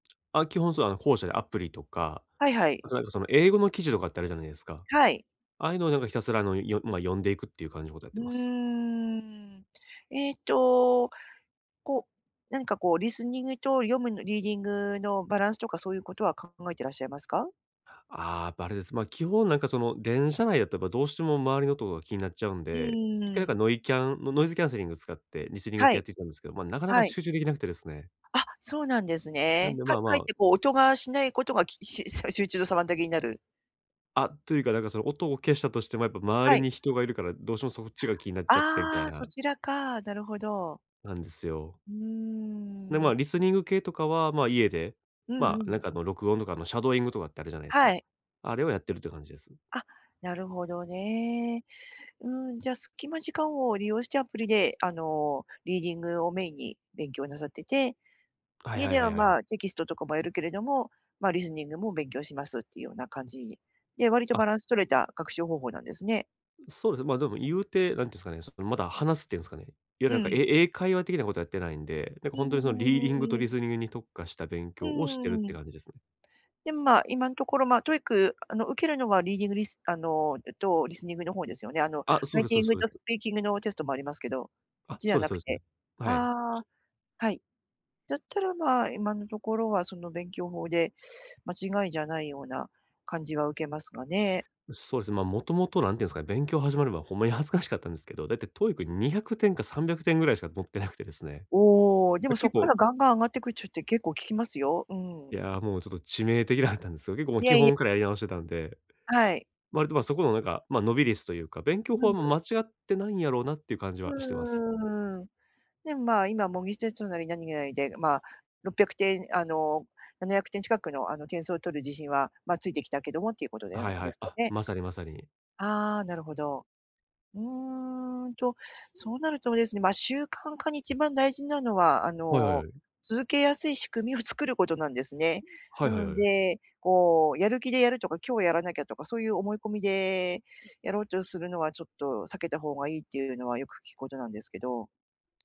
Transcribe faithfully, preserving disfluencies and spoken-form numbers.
あ、基本そうあの後者でアプリとか、はいはい。それなんかその英語の記事とかってあるじゃないですか。はい。ああいうのをなんかひたすらあの、よまあ読んでいくっていう感じのことをやっうてーます。ん、えっとこうなんかこうリスニングと読むのリーディングのバランスとかそういうことは考えていらっしゃいますか？ああ、やっばあれです。ま、基本なんかその、電車内だとやっぱどうしても周りの音が気になっちゃうんうで、一回なんかん。ノイキャンノイズキャンセリングを使って、リスニングは系やっい。てきたんですけど、ま、なかなかはい。集中できなくてですね、あ、そうなんですなんね。でかまあまかえっあてこう音がしないことが、きし集中の妨げになる？あ、というかなんかその音を消したとしてもやっぱ周はりい。に人がいるから、どうしてもそっちが気になっちゃってみたあいあ、そな。ちらか、なるほど。なんですよ。うで、ーまん。あ、リスニング系とかは、まあ、家で、うんうまあ、なんん。かあの録音とかあのシャドーイングとかってあるじゃないですか。はい。あれをやってるっていう感じです。あ、なるほどね。うん、じゃあ、隙間時間を利用してアプリであのリーディングをメインに勉強なさってて、はい家はいでははいはまい。あ、テキストとかもやるけれども、まあ、リスニングも勉強しますっていうような感じ、で、割とあ。バランス取れた学習方法なんですね。そうですね、まあ、でも言うて、何て言うんですかね、まだ話すっていうんですかね、いわゆるうなんんうかん。え英会話的なことはやってないんで、なんうか本当にそのリーディングとーリん。スニングに特化した勉う強をしてるってん。感じですね。でもまあ、今のところま、TOEIC あの、受けるのはリーディングリスあのえっと、リスニングの方ですよね。あのあ、そラうイですテそうィでンすグそうでとスす。ピーキングのテストもありますけど、そっあ、ちじゃそうでなすそくうですね。て。はい。ああ、はい。だったらまあ、今のところはその勉強法で間違いじゃないような感じは受けますがね。そうですね、まあ、もともと何て言うんですかね、勉強始める前ほんまに恥ずかしかったんですけど、大体 TOEIC にひゃくてんかさんびゃくてんぐらいしか取ってなくてですね。おお、であ、もそ結っか構らガンガン上がっていく人って結構聞きますよ。ういん。や、もうちょっと致命的だったんですけど、結構もういや基いや。本からやり直してたんで。はい。割とまあ、そこのなんか、まあ、伸び率というか、勉強う法はんうん。間違ってないんやろうなっていう感じはしてます。うーん。でもまあ、今模擬テストなり何なりでまあ、ろっぴゃくてん、あのななひゃくてん近くのあの点数を取る自信はまあ、ついてきたけどもっていうことなんはいはでい。すかあ、ね。まさにまさに。ああ、なるほど。うーんと、そうなるとですね、まあ、習慣化に一番大事なのはあはいはいの、はい。続けやすい仕組みを作ることなんですね。はないはいはのい。で、こうやる気でやるとか、今日はやらなきゃとか、そういう思い込みで、やろうとするのはちょっと避けた方がいいっていうのはよく聞くことなんですけど。